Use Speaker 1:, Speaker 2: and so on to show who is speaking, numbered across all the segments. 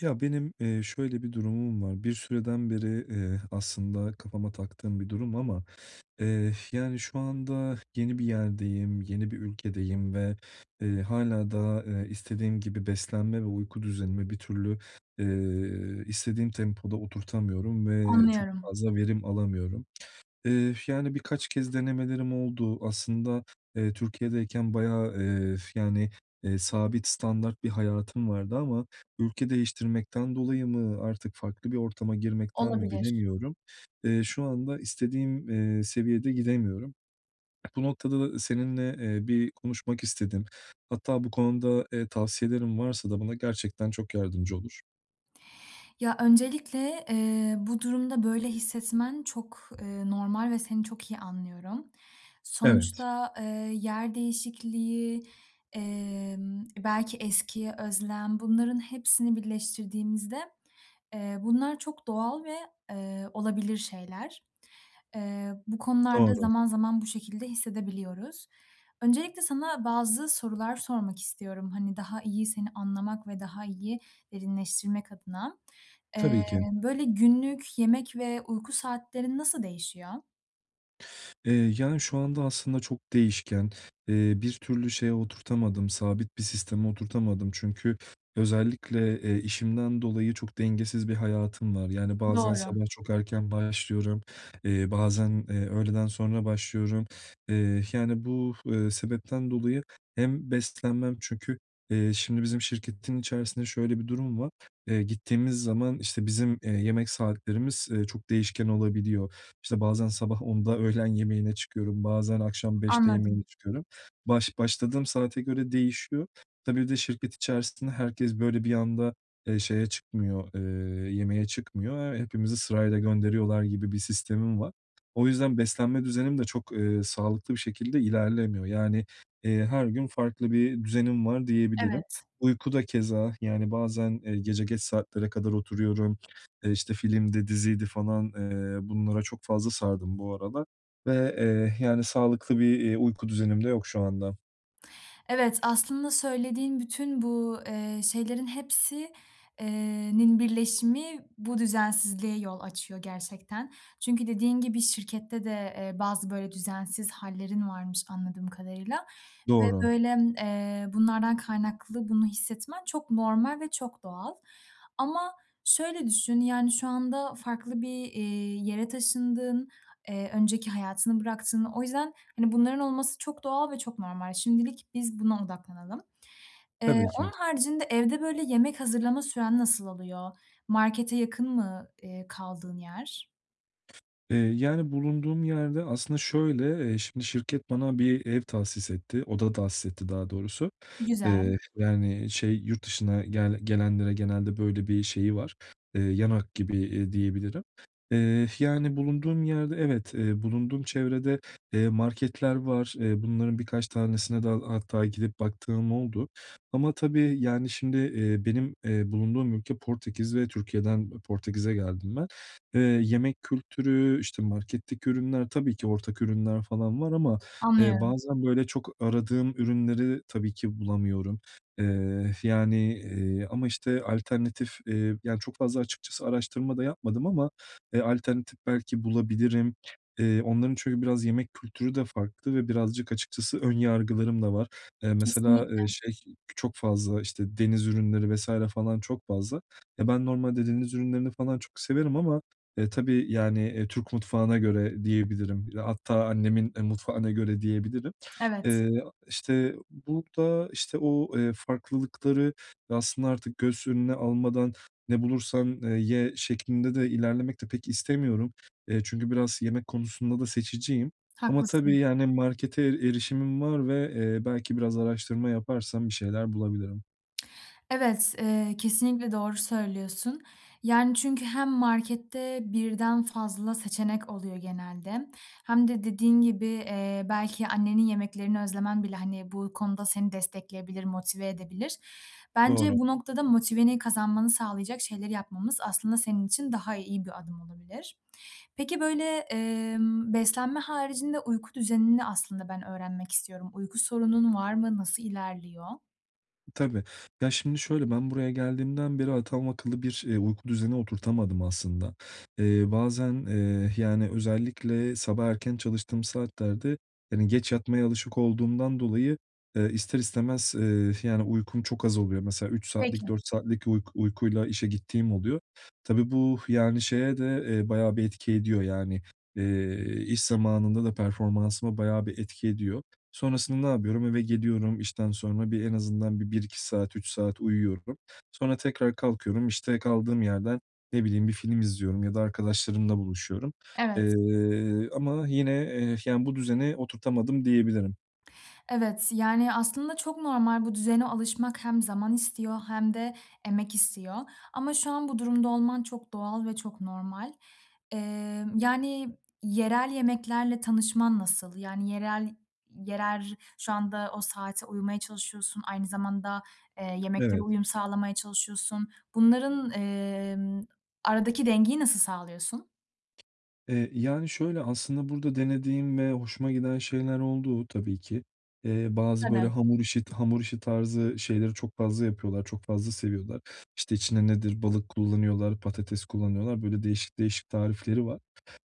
Speaker 1: Ya, benim, eee, şöyle bir durumum var. Bir süreden beri, eee, aslında kafama taktığım bir durum ama, eee, yani, şu anda yeni bir yerdeyim, yeni bir ülkedeyim ve, eee, hâlâ daha, eee, istediğim gibi beslenme ve uyku düzenimi bir türlü, eee, istediğim tempoda oturtamıyorum ve çok
Speaker 2: Anlıyorum.
Speaker 1: fazla verim alamıyorum. Eee, yani, birkaç kez denemelerim oldu. Aslında, eee, Türkiye’deyken bayağı, eee, yani, eee, sabit standart bir hayatım vardı ama ülke değiştirmekten dolayı mı artık farklı bir ortama girmekten mi
Speaker 2: Olabilir.
Speaker 1: bilemiyorum. Eee, şu anda istediğim, eee, seviyede gidemiyorum. Bu noktada da seninle, eee, bir konuşmak istedim. Hatta bu konuda, eee, tavsiyelerin varsa da bana gerçekten çok yardımcı olur.
Speaker 2: Ya, öncelikle, eee, bu durumda böyle hissetmen çok, eee, normal ve seni çok iyi anlıyorum.
Speaker 1: Evet.
Speaker 2: Sonuçta, eee, yer değişikliği, emm, belki eskiye özlem, bunların hepsini birleştirdiğimizde, eee, bunlar çok doğal ve, eee, olabilir şeyler. Eee, bu konularda
Speaker 1: Doğru.
Speaker 2: zaman zaman bu şekilde hissedebiliyoruz. Öncelikle sana bazı sorular sormak istiyorum, hani, daha iyi seni anlamak ve daha iyi derinleştirmek adına. Eee,
Speaker 1: Tabii ki.
Speaker 2: böyle günlük yemek ve uyku saatlerin nasıl değişiyor?
Speaker 1: Eee, yani, şu anda aslında çok değişken. Eee, bir türlü şeye oturtamadım, sabit bir sisteme oturtamadım çünkü özellikle, eee, işimden dolayı çok dengesiz bir hayatım var yani bazen
Speaker 2: Doğru.
Speaker 1: sabah çok erken başlıyorum, eee, bazen, eee, öğleden sonra başlıyorum. Eee, yani, bu, eee, sebepten dolayı hem beslenmem çünkü, eee, şimdi bizim şirketin içerisinde şöyle bir durum var. Eee, gittiğimiz zaman, işte, bizim, eee, yemek saatlerimiz, eee, çok değişken olabiliyor. İşte, bazen sabah 10'da öğlen yemeğine çıkıyorum, bazen akşam 5'te yemeğe
Speaker 2: Anladım.
Speaker 1: çıkıyorum. Baş başladığım saate göre değişiyor. Tabii, bir de şirket içerisinde herkes böyle bir anda, eee, şeye çıkmıyor, eee, yemeğe çıkmıyor, eee, hepimizi sırayla gönderiyorlar gibi bir sistemi var. O yüzden beslenme düzenim de çok, eee, sağlıklı bir şekilde ilerlemiyor. Yani, eee, her gün farklı bir düzenim var diyebilirim.
Speaker 2: Evet.
Speaker 1: Uyku da keza, yani, bazen, eee, gece geç saatlere kadar oturuyorum. E, işte, filmdi, diziydi falan, eee, bunlara çok fazla sardım bu aralar ve, eee, yani sağlıklı bir, eee, uyku düzenim de yok şu anda.
Speaker 2: Evet, aslında söylediğin bütün bu, eee, şeylerin hepsi eee, nin birleşimi bu düzensizliğe yol açıyor gerçekten. Çünkü dediğin gibi şirkette de, eee, bazı böyle düzensiz hâllerin varmış, anladığım kadarıyla ve,
Speaker 1: Doğru.
Speaker 2: böyle, eee, bunlardan kaynaklı bunu hissetmen çok normal ve çok doğal ama şöyle düşün, yani, şu anda farklı bir, eee, yere taşındın, eee, önceki hayatını bıraktın. O yüzden, hani, bunların olması çok doğal ve çok normal. Şimdilik biz buna odaklanalım. Eee,
Speaker 1: Tabii ki.
Speaker 2: onun haricinde, evde, böyle, yemek hazırlama süren nasıl oluyor? Markete yakın mı, eee, kaldığın yer?
Speaker 1: Eee, yani, bulunduğum yerde aslında şöyle, eee, şimdi şirket bana bir ev tahsis etti, oda tahsis etti, daha doğrusu.
Speaker 2: Güzel.
Speaker 1: Eee, yani, şey yurt dışına gel gelenlere genelde böyle bir şeyi var. Eee, yan hak gibi, eee, diyebilirim, eee, yani, bulunduğum yerde evet, eee, bulunduğum çevrede, eee, marketler var. Eee, bunların birkaç tanesine de hatta gidip baktığım oldu ama tabii, yani, şimdi, eee, benim, eee, bulunduğum ülke Portekiz ve Türkiye'den Portekiz'e geldim ben. Eee, yemek kültürü, işte, marketteki ürünler, tabii ki ortak ürünler falan var ama, eee,
Speaker 2: Anlıyorum.
Speaker 1: bazen, böyle, çok aradığım ürünleri tabii ki bulamıyorum. Eee, yani, eee, ama, işte, alternatif, eee, yani, çok fazla açıkçası araştırma da yapmadım ama, alternatif belki bulabilirim. Eee, onların çünkü biraz yemek kültürü de farklı ve birazcık açıkçası ön yargılarım da var. E, mesela,
Speaker 2: Kesinlikle.
Speaker 1: eee, şey çok fazla işte deniz ürünleri vs. falan çok fazla. Ya, ben normalde deniz ürünlerini falan çok severim ama, e, tabii, yani, eee, Türk mutfağına göre diyebilirim. Hatta annemin, eee, mutfağına göre diyebilirim.
Speaker 2: Evet.
Speaker 1: Eee, işte, bu da, işte, o, eee, farklılıkları ve aslında artık göz önüne almadan ne bulursam, eee, ye şeklinde de ilerlemek de pek istemiyorum. Eee, çünkü biraz yemek konusunda da seçiciyim. Ama tabii,
Speaker 2: Haklısın.
Speaker 1: yani, markete erişimim var ve, eee, belki biraz araştırma yaparsam bir şeyler bulabilirim.
Speaker 2: Evet, eee, kesinlikle doğru söylüyorsun yani çünkü hem markette birden fazla seçenek oluyor genelde hem de dediğin gibi, eee, belki annenin yemeklerini özlemen bile, hani, bu konuda seni destekleyebilir, motive edebilir.
Speaker 1: Doğru.
Speaker 2: Bence bu noktada motiveni kazanmanı sağlayacak şeyleri yapmamız aslında senin için daha iyi bir adım olabilir. Peki, böyle, emm, beslenme haricinde uyku düzenini aslında ben öğrenmek istiyorum. Uyku sorunun var mı? Nasıl ilerliyor?
Speaker 1: Tabii. Ya, şimdi şöyle, ben buraya geldiğimden beri adam akıllı bir, eee, uyku düzeni oturtamadım aslında. Eee, bazen, eee, yani, özellikle sabah erken çalıştığım saatlerde, hani, geç yatmaya alışık olduğumdan dolayı, eee, ister istemez, eee, yani, uykum çok az oluyor. Mesela 3
Speaker 2: Peki.
Speaker 1: saatlik, 4 saatlik uyk uykuyla işe gittiğim oluyor. Tabii bu, yani, şeye de, eee, bayağı bir etki ediyor. Yani, eee, iş zamanında da performansıma bayağı bir etki ediyor. Sonrasında ne yapıyorum? Eve geliyorum işten sonra bir, en azından bir 1-2 saat, 3 saat uyuyorum. Sonra tekrar kalkıyorum. İşte, kaldığım yerden, ne bileyim, bir film izliyorum ya da arkadaşlarımla buluşuyorum,
Speaker 2: Evet.
Speaker 1: eee, ama yine, eee, yani, bu düzeni oturtamadım diyebilirim.
Speaker 2: Evet, yani, aslında çok normal, bu düzene alışmak hem zaman istiyor hem de emek istiyor. Ama şu an bu durumda olman çok doğal ve çok normal. Eee, yani, yerel yemeklerle tanışman nasıl? Yani, yerel yerer şu anda o saate uyumaya çalışıyorsun, aynı zamanda, eee, yemeklere
Speaker 1: Evet.
Speaker 2: uyum sağlamaya çalışıyorsun. Bunların, emm, aradaki dengeyi nasıl sağlıyorsun?
Speaker 1: Eee, yani, şöyle, aslında burada denediğim ve hoşuma giden şeyler oldu, tabii ki. Eee, bazı böyle
Speaker 2: Tabii.
Speaker 1: hamur işi t hamur işi tarzı şeyleri çok fazla yapıyorlar, çok fazla seviyorlar. İşte, içine nedir, balık kullanıyorlar, patates kullanıyorlar. Böyle, değişik değişik tarifleri var.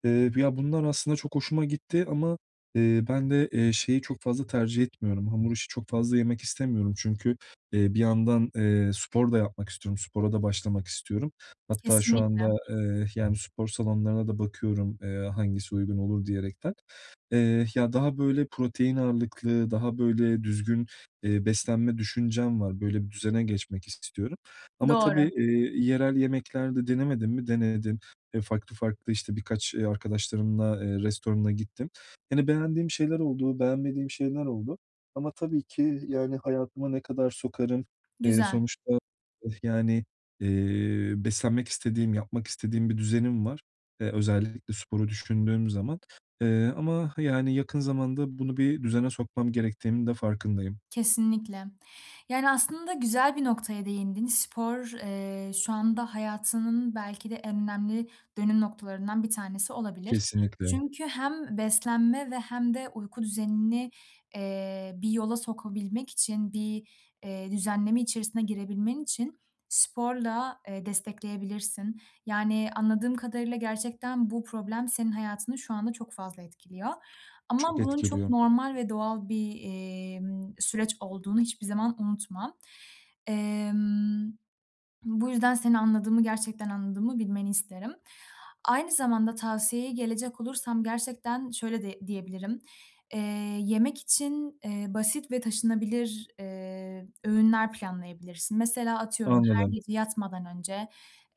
Speaker 1: Iıı, b ya, bunlar aslında çok hoşuma gitti ama, ııı, ben de, eee, şeyi çok fazla tercih etmiyorum. Hamur işi çok fazla yemek istemiyorum çünkü, eee, bir yandan, eee, spor da yapmak istiyorum. Spora da başlamak istiyorum. Hatta şu anda,
Speaker 2: Kesinlikle.
Speaker 1: eee, yani, spor salonlarına da bakıyorum, eee, hangisi uygun olur diyerekten. Eee, ya, daha böyle protein ağırlıklı, daha böyle düzgün, eee, beslenme düşüncem var. Böyle bir düzene geçmek istiyorum ama tabii,
Speaker 2: Doğru.
Speaker 1: eee, yerel yemekler de denemedim mi, denedim. Eee, farklı farklı işte birkaç, eee, arkadaşlarımla, eee, restorana gittim. Hani, beğendiğim şeyler oldu, beğenmediğim şeyler oldu ama tabii ki, yani, hayatıma ne kadar sokarım? Eee,
Speaker 2: Güzel.
Speaker 1: sonuçta, yani, eee, beslenmek istediğim, yapmak istediğim bir düzenim var. Eee, özellikle sporu düşündüğüm zaman, eee, ama, hı, yani, yakın zamanda bunu bir düzene sokmam gerektiğimin de farkındayım.
Speaker 2: Kesinlikle. Yani, aslında güzel bir noktaya değindin. Spor, eee, şu anda hayatının belki de en önemli dönüm noktalarından bir tanesi olabilir.
Speaker 1: Kesinlikle.
Speaker 2: Çünkü hem beslenme ve hem de uyku düzenini, eee, bir yola sokabilmek için, bir, eee, düzenleme içerisine girebilmen için sporla, eee, destekleyebilirsin. Yani, anladığım kadarıyla, gerçekten bu problem senin hayatını şu anda çok fazla etkiliyor ama
Speaker 1: Çok
Speaker 2: bunun çok
Speaker 1: etkiliyor.
Speaker 2: normal ve doğal bir, eee, ımm, süreç olduğunu hiçbir zaman unutma. Emm, bu yüzden seni anladığımı, gerçekten anladığımı bilmeni isterim. Aynı zamanda tavsiyeye gelecek olursam, gerçekten şöyle di diyebilirim: Eee, yemek için, eee, basit ve taşınabilir, eee, öğünler planlayabilirsin. Mesela, atıyorum, her
Speaker 1: Anladım.
Speaker 2: gece yatmadan önce,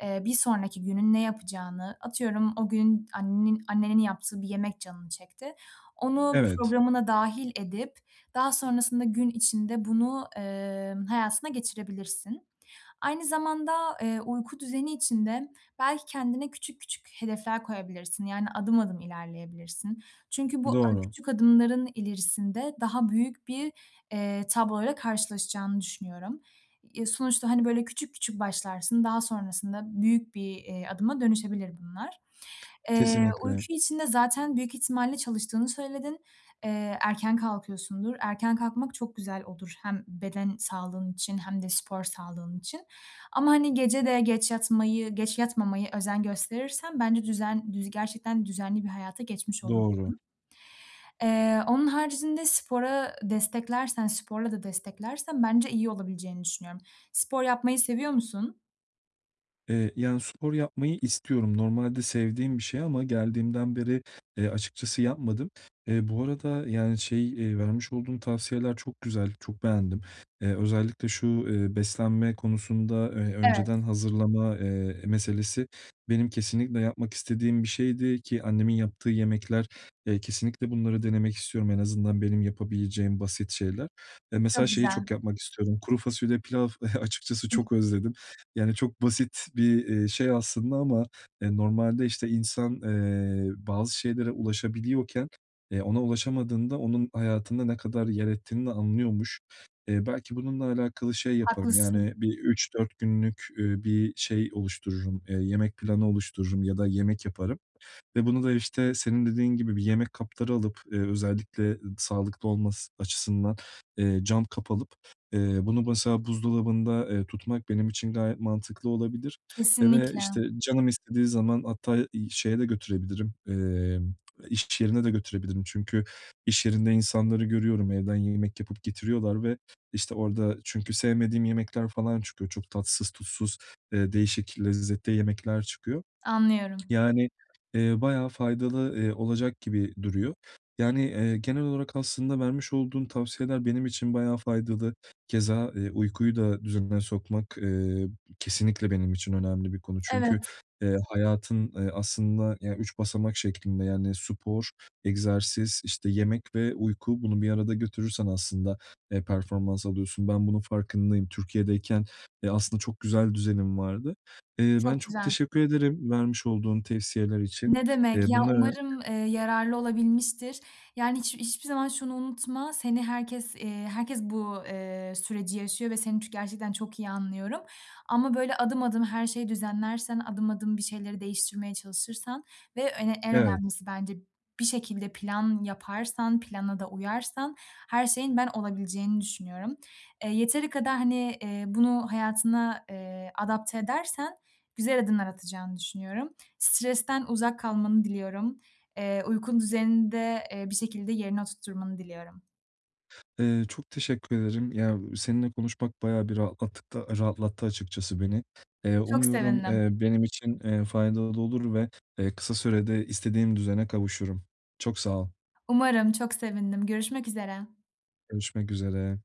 Speaker 2: eee, bir sonraki günün ne yapacağını, atıyorum, o gün annenin annenin yaptığı bir yemek canın çekti. Onu
Speaker 1: Evet.
Speaker 2: programına dâhil edip daha sonrasında gün içinde bunu, eee, hayatına geçirebilirsin. Aynı zamanda, eee, uyku düzeni için de belki kendine küçük küçük hedefler koyabilirsin, yani, adım adım ilerleyebilirsin. Çünkü bu a
Speaker 1: Doğru.
Speaker 2: küçük adımların ilerisinde daha büyük bir, eee, tabloyla karşılaşacağını düşünüyorum. E, sonuçta, hani, böyle, küçük küçük başlarsın, daha sonrasında büyük bir, eee, adıma dönüşebilir bunlar. Eee, uyku
Speaker 1: Kesinlikle.
Speaker 2: için de zaten büyük ihtimalle çalıştığını söyledin. Eee, erken kalkıyorsundur. Erken kalkmak çok güzel olur, hem beden sağlığın için hem de spor sağlığın için ama, hani, gece de geç yatmayı, geç yatmamaya özen gösterirsen bence düzen düz gerçekten düzenli bir hayata geçmiş
Speaker 1: Doğru.
Speaker 2: olursun. Eee, onun haricinde spora, aaa, desteklersen, sporla da desteklersen bence iyi olabileceğini düşünüyorum. Spor yapmayı seviyor musun?
Speaker 1: Eee, yani, spor yapmayı istiyorum. Normalde sevdiğim bir şey ama geldiğimden beri, eee, açıkçası yapmadım. E, bu arada, yani, şey, eee, vermiş olduğun tavsiyeler çok güzel, çok beğendim. Eee, özellikle şu, eee, beslenme konusunda, eee,
Speaker 2: Evet.
Speaker 1: önceden hazırlama, eee, meselesi benim kesinlikle yapmak istediğim bir şeydi ki annemin yaptığı yemekler, eee, kesinlikle bunları denemek istiyorum. En azından benim yapabileceğim basit şeyler ve mesela
Speaker 2: Çok
Speaker 1: şeyi
Speaker 2: güzel.
Speaker 1: çok yapmak istiyorum: Kuru fasulye pilav açıkçası çok
Speaker 2: [unintelligible]
Speaker 1: özledim. Yani, çok basit bir, iii, şey aslında ama, eee, normalde, işte, insan, eee, bazı şeylere ulaşabiliyorken, eee, ona ulaşamadığında onun hayatında ne kadar yer ettiğini de anlıyormuş. Eee, belki bununla alakalı şey yaparım
Speaker 2: Haklısın.
Speaker 1: yani bir 3-4 günlük, üüü, bir şey oluştururum, eee, yemek planı oluştururum ya da yemek yaparım ve bunu da, işte, senin dediğin gibi bir yemek kapları alıp, eee, özellikle sağlıklı olması açısından, eee, cam kap alıp, eee, bunu mesela buzdolabında, eee, tutmak benim için gayet mantıklı olabilir, eee, ve,
Speaker 2: Kesinlikle.
Speaker 1: işte, canım istediği zaman hatta, iii, şeye de götürebilirim, emm, iş yerine de götürebilirim. Çünkü iş yerinde insanları görüyorum, evden yemek yapıp getiriyorlar ve, işte, orada çünkü sevmediğim yemekler falan çıkıyor. Çok tatsız tuzsuz, eee, değişik lezzette yemekler çıkıyor.
Speaker 2: Anlıyorum.
Speaker 1: Yani, eee, bayağı faydalı, iii, olacak gibi duruyor. Yani, eee, genel olarak aslında vermiş olduğun tavsiyeler benim için bayağı faydalı. Keza, eee, uykuyu da düzenine sokmak, eee, kesinlikle benim için önemli bir konu
Speaker 2: Evet.
Speaker 1: çünkü, eee, hayatın, eee, aslında ya 3 basamak şeklinde yani spor, egzersiz, işte, yemek ve uyku bunu bir arada götürürsen aslında, eee, performans alıyorsun. Ben bunun farkındayım. Türkiye’deyken, eee, aslında çok güzel düzenim vardı. Eee, ben
Speaker 2: Çok
Speaker 1: çok
Speaker 2: güzel.
Speaker 1: teşekkür ederim vermiş olduğun tavsiyeler için.
Speaker 2: Ne demek
Speaker 1: Eee,
Speaker 2: ya,
Speaker 1: bunları
Speaker 2: umarım, eee, yararlı olabilmiştir. Yani, hiç hiçbir zaman şunu unutma, seni herkes eee, herkes bu, eee, süreci yaşıyor ve seni çü gerçekten çok iyi anlıyorum ama böyle adım adım her şeyi düzenlersen, adım adım bir şeyleri değiştirmeye çalışırsan ve ö en
Speaker 1: Evet.
Speaker 2: önemlisi bence bir şekilde plan yaparsan, plana da uyarsan her şeyin ben olabileceğini düşünüyorum. E, yeteri kadar, hani, eee, bunu hayatına, eee, adapte edersen güzel adımlar atacağını düşünüyorum. Stresten uzak kalmanı diliyorum. Eee, uyku düzenini de, eee, bir şekilde yerine oturtturmanı diliyorum.
Speaker 1: Eee, çok teşekkür ederim. Ya seninle konuşmak bayağı bir rahatlattık da rahatlattı açıkçası beni. Eee,
Speaker 2: Çok
Speaker 1: umuyorum,
Speaker 2: sevindim.
Speaker 1: eee, benim için, eee, faydalı olur ve, eee, kısa sürede istediğim düzene kavuşurum. Çok sağ ol.
Speaker 2: Umarım. Çok sevindim. Görüşmek üzere.
Speaker 1: Görüşmek üzere.